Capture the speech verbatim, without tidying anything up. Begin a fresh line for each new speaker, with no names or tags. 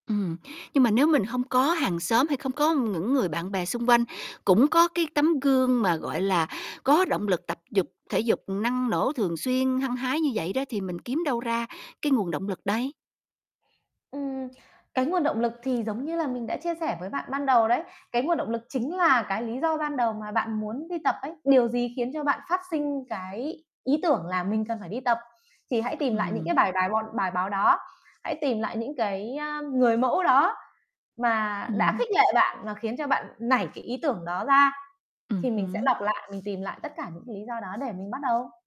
Ừm, nhưng mà nếu mình hông có hàng xóm hay không có ngững người bạn bè xung quanh cũng có cái tấm gương mà, gọi là, có động lực tập dục thể dục năng nổ, thường xuyên, hăng hái như vậy đó thì mình kiếm đâu ra cái nguồn động lực đây?
Ừm, cái nguồn động lực thì giống như là mình đã chia sẻ với bạn ban đầu đấy. Cái nguồn động lực chính là cái lý do ban đầu mà bạn muốn đi tập ấy, điều gì khiến cho bạn phát sinh cái ý tưởng là "mình cần phải đi tập" thì hãy tìm lại những cái
Ừm.
bài bài bọn bài báo đó. Hãy tìm lại những cái, ơ, người mẫu đó mà đã
Ừm.
khích lệ bạn và khiến cho bạn nảy cái ý tưởng đó ra,
Ừm
thì mình sẽ
hứm.
đọc lại, mình tìm lại tất cả những lý do đó để mình bắt đầu.